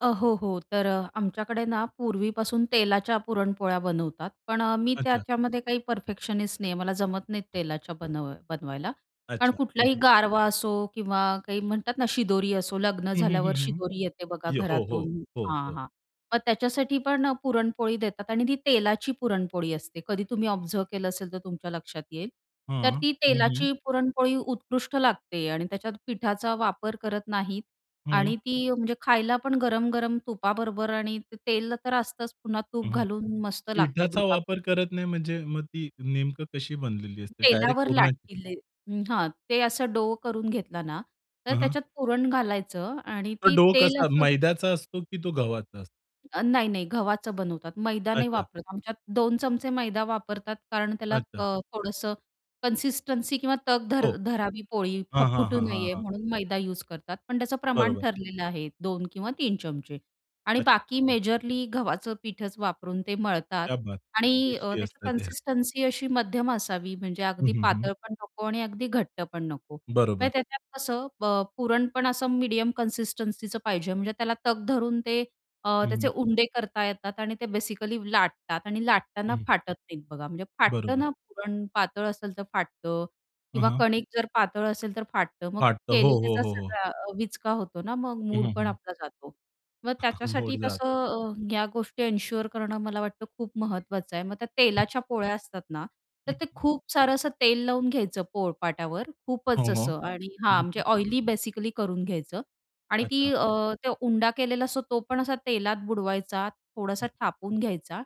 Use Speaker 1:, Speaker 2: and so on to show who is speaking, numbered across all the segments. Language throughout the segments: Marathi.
Speaker 1: अ, हो, हो. तर अ, आमच्याकडे ना पूर्वीपासून तेलाच्या पुरणपोळ्या बनवतात. पण अ, मी
Speaker 2: अच्छा.
Speaker 1: त्याच्यामध्ये काही परफेक्शनिस्ट नाहीये. मला जमत नाहीत तेलाच्या बनव बनवायला. कारण
Speaker 2: अच्छा! हं,
Speaker 1: कुठलाही
Speaker 2: हं.
Speaker 1: गारवा असो किंवा काही म्हणतात ना शिदोरी असो, लग्न
Speaker 2: हं, हं, हं,
Speaker 1: झाल्यावर
Speaker 2: हं.
Speaker 1: शिदोरी येते बघा
Speaker 2: यो हो, हो,
Speaker 1: घरातून
Speaker 2: हो,
Speaker 1: हां.
Speaker 2: हो.
Speaker 1: हां. मग त्याच्यासाठी पण पुरणपोळी देतात आणि ती तेलाची पुरणपोळी असते, कधी तुम्ही ऑब्झर्व्ह केलं असेल तर तुमच्या लक्षात येईल. तर
Speaker 2: हां,
Speaker 1: ती
Speaker 2: हं, हं.
Speaker 1: तेलाची पुरणपोळी उत्कृष्ट लागते आणि त्याच्यात पिठाचा वापर करत नाहीत
Speaker 2: हं.
Speaker 1: आणि ती म्हणजे खायला पण गरम-गरम तुपाबरोबर आणि तेल अ, तर असतंच पुन्हा
Speaker 2: हं,
Speaker 1: तूप
Speaker 2: हं.
Speaker 1: घालून मस्त लागते
Speaker 2: पिठाचा
Speaker 1: दुधाबरोबर.
Speaker 2: वापर करत नाही म्हणजे मग ती नेमकं कशी बनलेली असते? डायरेक्ट
Speaker 1: तेलावर
Speaker 2: पूरणाची?
Speaker 1: लाटतील. हां. ते असं डो करून घेतलं ना, तर
Speaker 2: हं, हं.
Speaker 1: त्याच्यात पुरण घालायचं आणि
Speaker 2: तो
Speaker 1: ती
Speaker 2: डो
Speaker 1: तेल
Speaker 2: कसा
Speaker 1: असं
Speaker 2: मैद्याचा असतो की तो गव्हाचा असतो?
Speaker 1: अ, नाही, नाही. गव्हाचं बनवतात. मैदा नाही
Speaker 2: अच्छा.
Speaker 1: वापरत आमच्यात 2 चमचे मैदा वापरतात कारण त्याला
Speaker 2: अच्छा.
Speaker 1: क थोडंसं कन्सिस्टन्सी किंवा तग धर
Speaker 2: हो.
Speaker 1: धरावी, पोळी फ
Speaker 2: हां, हां,
Speaker 1: फुटू
Speaker 2: हां, हां,
Speaker 1: नये
Speaker 2: हां.
Speaker 1: म्हणून मैदा युस करतात. पण त्याचं प्रमाण
Speaker 2: बरोबर.
Speaker 1: ठरलेलं आहे 2 किंवा 3 चमचे आणि
Speaker 2: अच्छा!
Speaker 1: बाकी
Speaker 2: हं.
Speaker 1: मेजरली गव्हाचं पीठच वापरून ते मळतात
Speaker 2: क्या बात!
Speaker 1: आणि
Speaker 2: टेस्टी
Speaker 1: त्याची अ,
Speaker 2: असतं ते.
Speaker 1: कन्सिस्टन्सी अशी मध्यम असावी म्हणजे
Speaker 2: हं,
Speaker 1: अगदी
Speaker 2: हं, हं.
Speaker 1: पातळ पण नको आणि अगदी घट्ट पण नको.
Speaker 2: बरोबर.
Speaker 1: म्हणजे त्याच्यात कसं ब पुरण पण असं मीडियम कन्सिस्टन्सीचं पाहिजे, म्हणजे त्याला तग धरून ते अ,
Speaker 2: हं,
Speaker 1: त्याचे
Speaker 2: हं.
Speaker 1: उंडे करता येतात आणि ते बेसिकली लाटतात आणि
Speaker 2: हं,
Speaker 1: लाटताना
Speaker 2: हं.
Speaker 1: फाटत नाहीत बघा. म्हणजे फाटतं
Speaker 2: बरोबर.
Speaker 1: ना पुरण पातळ असेल तर फाटतं
Speaker 2: हं,
Speaker 1: किंवा
Speaker 2: हं.
Speaker 1: कणिक जर पातळ असेल तर फाटतं. मग
Speaker 2: फाटतं. हो, हो,
Speaker 1: केलेल्याचा
Speaker 2: हो, हो.
Speaker 1: सगळा विचका होतो ना मग
Speaker 2: हं, हं,
Speaker 1: मूडपण
Speaker 2: हं.
Speaker 1: आपला जातो. मग
Speaker 2: मुड
Speaker 1: त्याच्यासाठी
Speaker 2: जातो.
Speaker 1: तसं अ, ह्या गोष्टी एन्शुअर करणं मला वाटतं खूप महत्त्वाचं आहे. मग त्या तेलाच्या पोळ्या असतात ना, तर
Speaker 2: हं,
Speaker 1: ते
Speaker 2: हं.
Speaker 1: खूप सारं असं तेल लावून घ्यायचं पोळपाटावर
Speaker 2: हां,
Speaker 1: खूपच
Speaker 2: हां.
Speaker 1: असं आणि
Speaker 2: हं,
Speaker 1: हां. म्हणजे
Speaker 2: हं.
Speaker 1: ऑइली बेसिकली करून घ्यायचं आणि ती
Speaker 2: अच्छा!
Speaker 1: अ, ते उंडा केलेला असतो, तो पण असा तेलात बुडवायचा. थोडासा थापून घ्यायचा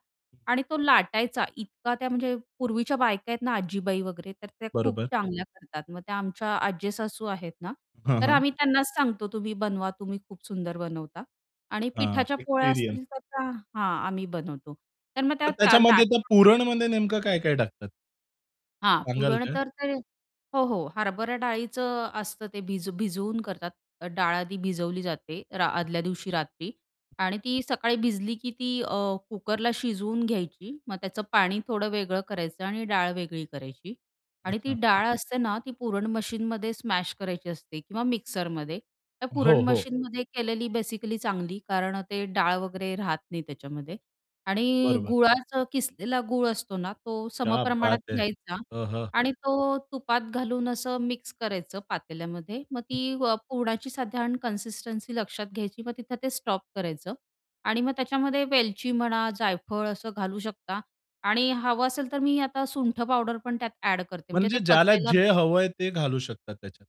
Speaker 1: आणि तो लाटायचा. इतका त्या म्हणजे पूर्वीच्या बायका आहेत ना आजीबाई वगैरे, तर त्या खूप
Speaker 2: बरोबर.
Speaker 1: चांगल्या करतात. मग त्या आमच्या आज्जेसासू आहेत ना,
Speaker 2: हं,
Speaker 1: तर
Speaker 2: हं.
Speaker 1: आम्ही त्यांनाच सांगतो, "तुम्ही बनवा, तुम्ही खूप सुंदर बनवता" आणि
Speaker 2: हां.
Speaker 1: पिठाच्या पोळ्या
Speaker 2: एक्सपिरियन्स.
Speaker 1: असतील तर त्या हां. आम्ही बनवतो. तर मग
Speaker 2: मग
Speaker 1: त्या
Speaker 2: त्याच्यामध्ये
Speaker 1: लाट
Speaker 2: त्या पुरणमध्ये नेमकं काय-काय टाकतात?
Speaker 1: हां.
Speaker 2: सांगाल
Speaker 1: पुरण
Speaker 2: का?
Speaker 1: तर ते हो, हो. हरभऱ्या डाळीचं असतं ते भिज भिजवून करतात. डाळ आधी भिजवली जाते रा आदल्या दिवशी रात्री आणि ती सकाळी भिजली की ती अ, कुकरला शिजवून घ्यायची. मग त्याचं पाणी थोडं वेगळं करायचं आणि डाळ वेगळी करायची आणि ती
Speaker 2: अच्छा.
Speaker 1: डाळ असते ना ती पुरण मशीनमध्ये स्मॅश करायची असते किंवा मिक्सरमध्ये. तर पुरण
Speaker 2: हो, हो.
Speaker 1: मशीनमध्ये केलेली बेसिकली चांगली, कारण ते डाळ वगैरे राहत नाही त्याच्यामध्ये आणि
Speaker 2: बरोबर.
Speaker 1: गुळाचा किसलेला गूळ असतो ना, तो
Speaker 2: क्या
Speaker 1: समप्रमाणात
Speaker 2: बात है!
Speaker 1: घ्यायचा
Speaker 2: हं, हं.
Speaker 1: आणि तो तुपात घालून असं मिक्स करायचं पातेल्यामध्ये. मग ती अ, पुरणाची साधारण कन्सिस्टन्सी लक्षात घ्यायची. मग तिथं ते स्टॉप करायचं आणि मग त्याच्यामध्ये वेलची म्हणा, जायफळ असं घालू शकता आणि हवं असेल तर मी आता सुंठ पावडर पण त्यात ऍड करते म्हणजे ते
Speaker 2: म्हणजे ज्याला
Speaker 1: पचायला
Speaker 2: जे हवंय ते घालू शकता त्याच्यात.